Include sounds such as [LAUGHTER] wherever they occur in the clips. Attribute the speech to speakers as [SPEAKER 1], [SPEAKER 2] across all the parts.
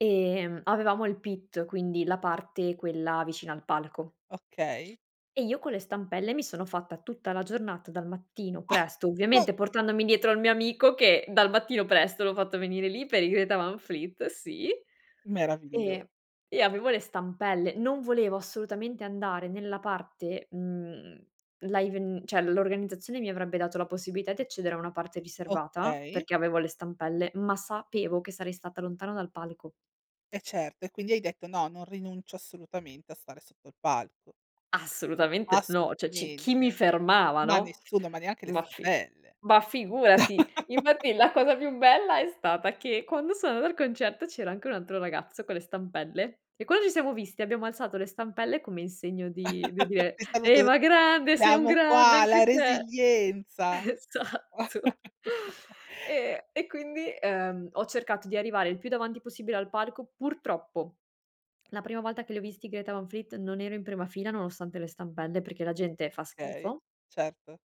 [SPEAKER 1] Ehm, avevamo il pit, quindi la parte quella vicina al palco.
[SPEAKER 2] Okay.
[SPEAKER 1] E io con le stampelle, mi sono fatta tutta la giornata dal mattino presto,
[SPEAKER 2] [UNINTELLIGIBLE]
[SPEAKER 1] ovviamente, portandomi dietro al mio amico, che dal mattino presto l'ho fatto venire lì, per i Greta Van Fleet, sì.
[SPEAKER 2] Meraviglio
[SPEAKER 1] E e avevo le stampelle. Non volevo assolutamente andare nella parte, mhmm, live n cioè l'organizzazione mi avrebbe dato la possibilità di accedere a una parte riservata,
[SPEAKER 2] Okay.
[SPEAKER 1] perché avevo le stampelle, ma sapevo che sarei stata lontana dal palco.
[SPEAKER 2] Eh certo e quindi hai detto: "No, non rinuncio assolutamente a stare sotto il palco."
[SPEAKER 1] Assolutamente, no. Cioè ci chi mi
[SPEAKER 2] Assolutamente,
[SPEAKER 1] fermava,
[SPEAKER 2] ma
[SPEAKER 1] no.
[SPEAKER 2] nessuno, ma neanche le
[SPEAKER 1] Ma fi
[SPEAKER 2] stampelle.
[SPEAKER 1] ma figurati! Infatti
[SPEAKER 2] [CHUCKLES]
[SPEAKER 1] la cosa più bella, è stata che quando sono o concerto, c'era anche un altro ragazzo con le stampelle e quando ci siamo visti, abbiamo alzato le stampelle, come in segno di di
[SPEAKER 2] [CHUCKLES]
[SPEAKER 1] dire:
[SPEAKER 2] Ti salut
[SPEAKER 1] "Ehi, ma grande. Sei un
[SPEAKER 2] siamo
[SPEAKER 1] grande
[SPEAKER 2] qua,
[SPEAKER 1] anche
[SPEAKER 2] la
[SPEAKER 1] te."
[SPEAKER 2] resilienza.
[SPEAKER 1] Esatto.
[SPEAKER 2] [CHUCKLES]
[SPEAKER 1] Ehm e quindi, uhm, ho cercato di arrivare il più davanti possibile al palco. Purtroppo, la prima volta che li ho visti i Greta Van Fleet, non ero in prima fila nonostante le stampelle, perché la gente fa
[SPEAKER 2] Okay,
[SPEAKER 1] schifo.
[SPEAKER 2] certo.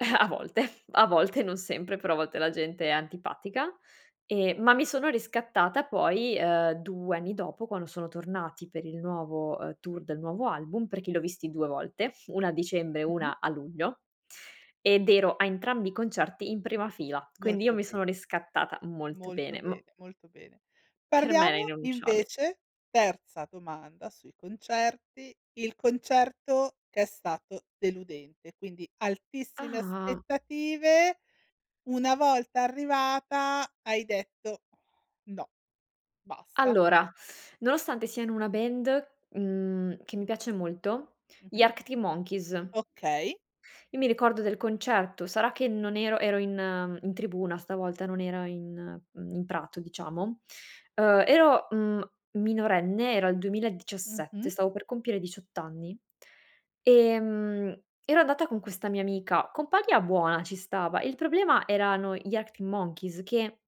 [SPEAKER 1] [CHUCKLES] A volte, a volte non sempre. Però a volte la gente è antipatica. Ehm, ma mi sono riscattata poi, uhm, 2 anni dopo, quando sono tornati per il nuovo, uhm, tour del nuovo album, perché li ho visti 2 volte, 1 a dicembre,
[SPEAKER 2] Mh-mh.
[SPEAKER 1] 1 a luglio. Ed ero a entrambi i concerti in prima fila. Quindi io
[SPEAKER 2] Molto
[SPEAKER 1] mi sono
[SPEAKER 2] bene.
[SPEAKER 1] riscattata molto
[SPEAKER 2] Molto
[SPEAKER 1] bene, m
[SPEAKER 2] bene, molto bene.
[SPEAKER 1] Per me era
[SPEAKER 2] Parliamo
[SPEAKER 1] irrinunciabil
[SPEAKER 2] invece terza domanda sui concerti. Il concerto che è stato deludente, quindi altissime
[SPEAKER 1] Ah, m
[SPEAKER 2] aspettative. Una volta arrivata, hai detto: "No. Basta."
[SPEAKER 1] Allora, nonostante siano una band, mhmm, che mi piace molto, gli
[SPEAKER 2] Mh-mh.
[SPEAKER 1] Arctic Monkeys.
[SPEAKER 2] Okay.
[SPEAKER 1] Io mi ricordo del concerto, sarà che non ero ero in, uhm, in tribuna stavolta, non era in, mhmm, in prato diciamo. Uhm, ero, mhmm, minorenne, era il 2017,
[SPEAKER 2] Mh-mh.
[SPEAKER 1] stavo per compiere 18 anni. Ehm, ero andata con questa mia amica, compagna buona ci stava, il problema erano gli Arctic Monkeys, che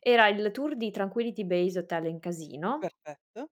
[SPEAKER 1] era il tour di Tranquility Base Hotel and Casino
[SPEAKER 2] Perfetto.